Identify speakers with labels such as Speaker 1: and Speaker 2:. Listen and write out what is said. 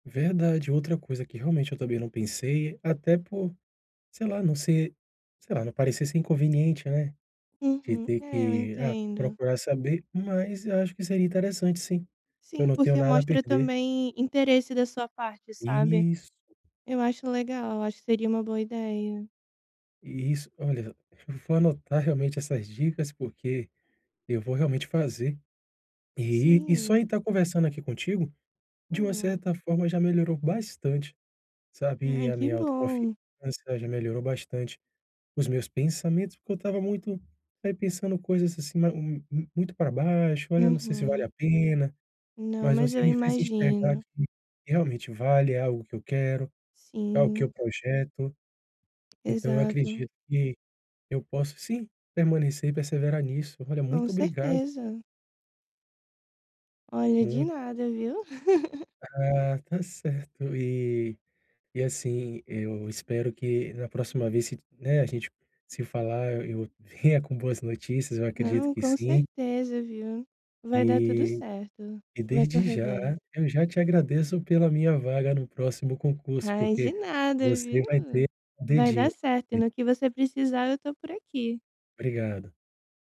Speaker 1: Verdade, outra coisa que realmente eu também não pensei, até por, sei lá, não ser, sei lá, não parecer ser inconveniente, né? De
Speaker 2: Uhum.
Speaker 1: ter
Speaker 2: É, eu
Speaker 1: que, ah,
Speaker 2: entendo.
Speaker 1: procurar saber, mas acho que seria interessante sim. Eu
Speaker 2: Sim,
Speaker 1: não tenho
Speaker 2: porque
Speaker 1: nada a
Speaker 2: mostra
Speaker 1: perder.
Speaker 2: também interesse da sua parte, sabe.
Speaker 1: Isso.
Speaker 2: Eu acho legal, eu acho que seria uma boa ideia.
Speaker 1: Isso. Olha, v v vo vou anotar realmente essas dicas, porque eu vou realmente fazer. E e só em
Speaker 2: Sim.
Speaker 1: tá conversando aqui contigo, de uma
Speaker 2: Hum.
Speaker 1: certa forma já melhorou bastante, sabe,
Speaker 2: Ai,
Speaker 1: a
Speaker 2: que
Speaker 1: minha autoconfiança,
Speaker 2: bom.
Speaker 1: já melhorou bastante os meus pensamentos, porque eu estava muito, aí, pensando coisas assim ma mu muito para baixo, olha, sei se vale a
Speaker 2: Uhum.
Speaker 1: pena,
Speaker 2: Não,
Speaker 1: mas
Speaker 2: mas
Speaker 1: você
Speaker 2: eu
Speaker 1: me fez enxergar
Speaker 2: imagino.
Speaker 1: que, realmente vale, é algo que eu quero, é o que
Speaker 2: Sim.
Speaker 1: eu projeto. Então eu
Speaker 2: Exato.
Speaker 1: acredito que eu posso sim, permanecer e perseverar nisso. Olha,
Speaker 2: Com
Speaker 1: muito obrigado.
Speaker 2: certeza. Olha, de
Speaker 1: Muito.
Speaker 2: nada, viu.
Speaker 1: Ah, tá certo. E e assim, eu espero que na próxima vez citi né, a gente se falar eu eu venha com boas notícias, eu acredito
Speaker 2: Não,
Speaker 1: que
Speaker 2: com
Speaker 1: sim.
Speaker 2: certeza, viu? Vai dar tudo
Speaker 1: E
Speaker 2: certo.
Speaker 1: e
Speaker 2: Vai
Speaker 1: desde
Speaker 2: correr
Speaker 1: já,
Speaker 2: bem.
Speaker 1: eu já te agradeço pela minha vaga no próximo concurso
Speaker 2: Ai,
Speaker 1: porque
Speaker 2: de nada,
Speaker 1: você
Speaker 2: viu.
Speaker 1: vai ter, o
Speaker 2: Vai
Speaker 1: dedinho
Speaker 2: dar certo e
Speaker 1: ali
Speaker 2: no que você precisar eu tô por aqui.
Speaker 1: Obrigado.